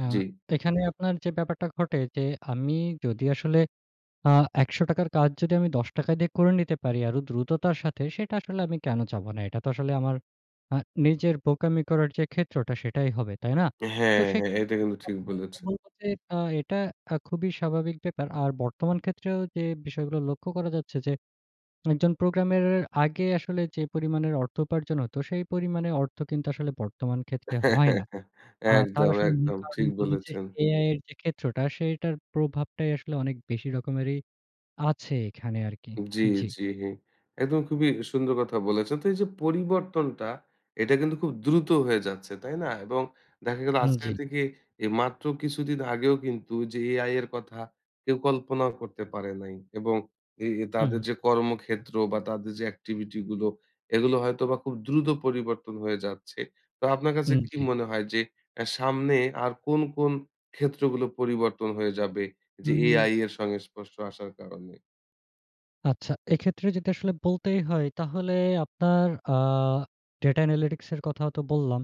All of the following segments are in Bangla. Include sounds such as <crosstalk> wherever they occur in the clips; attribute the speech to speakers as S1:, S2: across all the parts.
S1: আ
S2: জ্বি।
S1: এখানে আপনার যে, ব্যাপারটা ঘটে যে, আমি যদি আসলে, আ ৳১০০ র কাজ যদি আমি ৳১০ দিয়ে করে নিতে পারি আরও দ্রুততার সাথে সেটা আসলে আমি কেন চাবো না? এটা তো আসলে আমার আ নিজের বোকামি করার যে, ক্ষেত্রটা, সেটাই হবে। তাই না? তো
S2: হ্যাঁ, হ্যাঁ,
S1: সেক্ষেত্রে
S2: এটা কিন্তু ঠিক
S1: আমি
S2: বলেছে।
S1: <unintelligible> বলবো যে, এ্যাঁ এটা খুবই স্বাভাবিক ব্যাপার। আর বর্তমান ক্ষেত্রেও যে, বিষয়গুলো লক্ষ্য করা যাচ্ছে যে, একজন প্রোগ্রামের আগে আসলে যে, পরিমাণের অর্থ উপার্জন হতো সেই পরিমাণে অর্থ কিন্তু আসলে বর্তমান ক্ষেত্রে হয় না।
S2: <chuckles>
S1: আ তার
S2: একদম,
S1: আসলে মূল
S2: একদম।
S1: কারণ
S2: ঠিক
S1: হচ্ছে
S2: বলেছেন।
S1: এআই এর যে, ক্ষেত্রটা সেটার প্রভাবটাই আসলে অনেক বেশি রকমেরই আছে এখানে আরকি।
S2: জ্বী,
S1: জ্বি।
S2: জ্বী। একদম খুবই সি সুন্দর কথা বলেছেন। তো এইযে পরিবর্তনটা, এটা কিন্তু খুব দ্রুত হয়ে যাচ্ছে, তাই না? এবং দেখা গেল
S1: উম
S2: আজকাল
S1: জ্বি।
S2: থেকে মাত্র কিছুদিন আগেও কিন্তু যে, এআই এর কথা কেউ কল্পনাও করতে পারে নাই। এবং এ তাদের
S1: হুম।
S2: যে, কর্মক্ষেত্র বা তাদের যে, activity গুলো, এগুলো হয়তোবা খুব দ্রুত পরিবর্তন হয়ে যাচ্ছে। তো আপনার কাছে
S1: হুম,
S2: কি
S1: জ্বী।
S2: মনে হয় যে, এ্যাঁ সামনে আর কোন, কোন ক্ষেত্রগুলো পরিবর্তন হয়ে যাবে।
S1: হু,
S2: যে,
S1: হম।
S2: এআই এর সঙ্গে সংস্পর্শ আসার কারণে?
S1: আচ্ছা এক্ষেত্রে যদি আসলে বলতেই হয় তাহলে আপনার আ data analytics এর কথাও তো বললাম।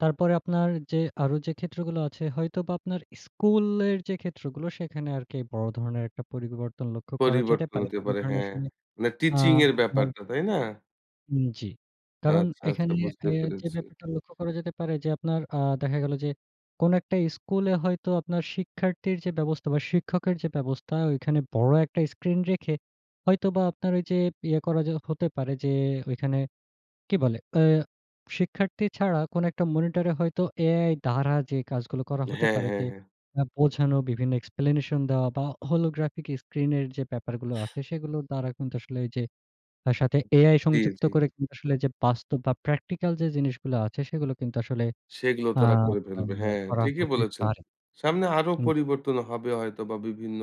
S1: তারপরে আপনার যে, আরো যে, ক্ষেত্রগুলো আছে হয়তোবা আপনার স্কুলের যে, ক্ষেত্রগুলো সেখানে আরকি বড় ধরনের একটা পরিবর্তন লক্ষ্য করা যেতে
S2: পরিবর্তন
S1: পারে।
S2: হতে
S1: সব
S2: পারে,
S1: ধরনের
S2: হ্যাঁ।
S1: আসলে
S2: মানে
S1: আ
S2: teaching এর ব্যাপারটা, তাই না?
S1: উম জ্বী। কারণ
S2: আচ্ছা, আচ্ছা,
S1: এখানে
S2: বুঝতে
S1: এ্যাঁ যে,
S2: পেরেছি।
S1: ব্যাপারটা লক্ষ্য করা যেতে পারে যে, আপনার আ দেখা গেল যে, কোন একটা স্কুলে হয়তো আপনার শিক্ষার্থীর যে, ব্যবস্থা বা, শিক্ষকের যে, ব্যবস্থা ঐখানে বড় একটা স্ক্রিন রেখে, হয়তোবা আপনার ওইযে ইয়ে করা যে হতে পারে যে, ঐখানে কি বলে? এ্যাঁ শিক্ষার্থী ছাড়া কোন একটা মনিটরে হয়তো এআই দ্বারা যে, কাজগুলো করা হতে
S2: হ্যাঁ,
S1: পারে
S2: হ্যাঁ,
S1: যে,
S2: হ্যাঁ।
S1: এ্যাঁ বোঝানো বিভিন্ন explanation দেওয়া বা, holographic screen এর যে, ব্যাপার গুলো আছে, সেগুলোর দ্বারা কিন্তু আসলে ঐযে তার সাথে এআই
S2: জ্বী,
S1: সংযুক্ত
S2: জ্বী।
S1: করে কিন্তু আসলে ওইযে বাস্তব বা, practical যে, জিনিসগুলো আছে, সেগুলো কিন্তু আসলে
S2: সেগুলো
S1: আ
S2: তারা করে
S1: আম
S2: ফেলবে। হ্যাঁ,
S1: করা
S2: ঠিকই
S1: হতে
S2: বলেছেন।
S1: পারে।
S2: সামনে আরো
S1: হুম, জি।
S2: পরিবর্তন হবে হয়তোবা বিভিন্ন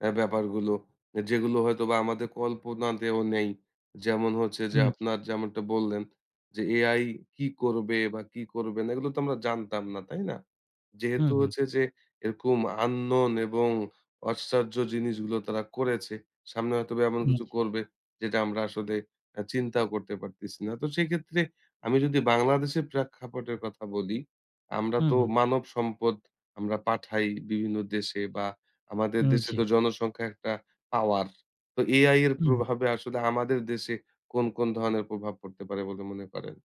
S2: এ্যাঁ ব্যাপারগুলো, আ যেগুলো হয়তোবা আমাদের কল্পনাতেও নেই। যেমন হচ্ছে যে,
S1: হুম।
S2: আপনার যেমনটা বললেন যে, এআই কি করবে বা কি করবে না, এগুলো তো আমরা জানতাম না, তাই না?
S1: হুম,
S2: যেহেতু
S1: হুম।
S2: হচ্ছে যে, এরকম unknown এবং আশ্চর্য জিনিসগুলো তারা করেছে। সামনে হয়তো এমন
S1: হুম,
S2: কিছু
S1: জ্বী।
S2: করবে, যেটা আমরা আসলে এ্যাঁ চিন্তাও করতে পারতেছি না। তো সেক্ষেত্রে আমি যদি বাংলাদেশে প্রেক্ষাপটের কথা বলি, আমরা
S1: হুম,
S2: তো
S1: হুম।
S2: মানব সম্পদ আমরা পাঠাই বিভিন্ন দেশে বা আমাদের
S1: উম
S2: দেশে
S1: জ্বি।
S2: তো জনসংখ্যা একটা পাওয়ার, তো এআই এর
S1: উহুম
S2: প্রভাবে আসলে আমাদের দেশে কোন, কোন ধরনের প্রভাব পড়তে পারে বলে মনে করেন?